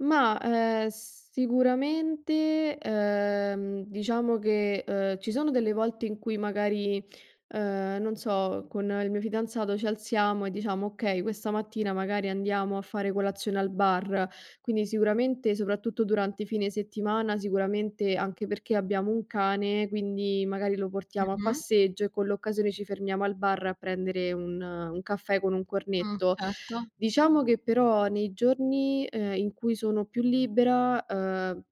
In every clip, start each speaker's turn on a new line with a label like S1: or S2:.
S1: Mah, uhm, sicuramente, uhm, diciamo che, uhm, ci sono delle volte in cui magari, uhm, non so, con il mio fidanzato ci alziamo e diciamo: "Okay, questa mattina magari andiamo a fare colazione al bar". Quindi sicuramente, soprattutto durante i fine settimana, sicuramente anche perché abbiamo un cane, quindi magari lo portiamo a
S2: Mh-mh.
S1: passeggio e con l'occasione ci fermiamo al bar a prendere un un caffè con un
S2: Mh.
S1: cornetto.
S2: Certo.
S1: Diciamo che però nei giorni, ehm, in cui sono più libera, uhm,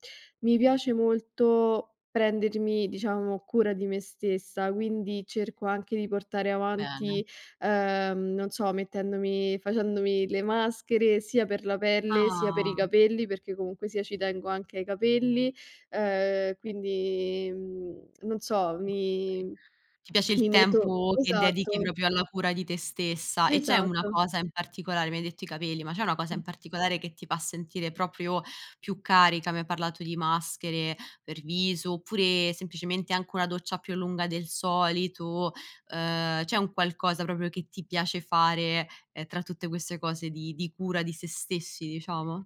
S1: mi piace molto prendermi, diciamo, cura di me stessa, quindi cerco anche di portare
S2: Bene.
S1: avanti, uhm, non so, mettendomi facendomi le maschere sia per la pelle, sia per i
S2: Ah.
S1: capelli, perché comunque sia ci tengo anche ai capelli, uhm, quindi mhmm, non so,
S2: Okay.
S1: mi
S2: Ti piace il
S1: mi meto
S2: tempo che dedichi
S1: esatto.
S2: proprio alla cura di te stessa. E c'è una
S1: Esatto.
S2: cosa in particolare mi hai detto i capelli, ma c'è una cosa
S1: Mh.
S2: in particolare che ti fa sentire proprio più carica? Mi hai parlato di maschere per viso oppure semplicemente anche una doccia più lunga del solito? Ehm, c'è un qualcosa proprio che ti piace fare, ehm, tra tutte queste cose di di cura di sè stessi, diciamo?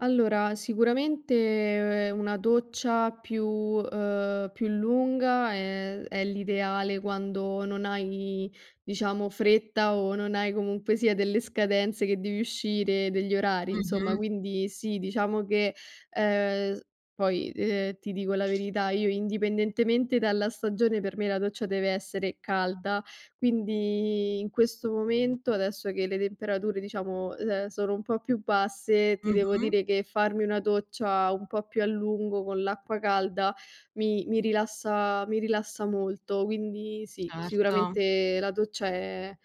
S1: Allora, sicuramente una doccia più uhm, più lunga è è l'ideale quando non hai, diciamo, fretta o non hai comunque sia delle scadenze che devi uscire, degli orari insomma.
S2: Mh-mh.
S1: Quindi sì, diciamo che, uhm, s poi, ehm, ti dico la verità, io indipendentemente dalla stagione per me la doccia deve essere calda, quindi in questo momento, adesso che le temperature, diciamo, uhm, l sono un po' più basse, ti devo
S2: Mh-mh.
S1: dire che farmi una doccia un po' più a lungo con l'acqua calda mi mi rilassa mi rilassa molto. Quindi sì,
S2: Certo.
S1: sicuramente la doccia è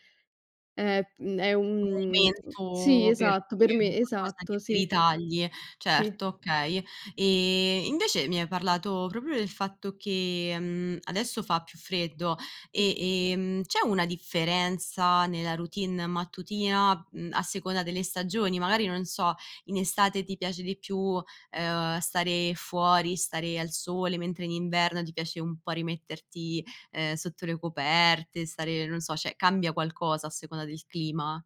S1: è mhmm, è un sì
S2: Momento, per
S1: esatto, per
S2: dire un
S1: me,
S2: qualcosa che
S1: esatto
S2: ti
S1: sì.
S2: ritagli.
S1: Sì.
S2: Certo, okay. Ehm, invece mi hai parlato proprio del fatto che, mhmm, adesso fa più freddo.
S1: Mh.
S2: E, ehm, c'è una differenza nella routine mattutina, mhmm, a seconda delle stagioni? Magari non so, in estate ti piace di più, ehm, stare fuori, stare al sole mentre in inverno ti piace un po' rimetterti, ehm, sotto le coperte, stare, non so cioè cambia qualcosa a seconda del clima?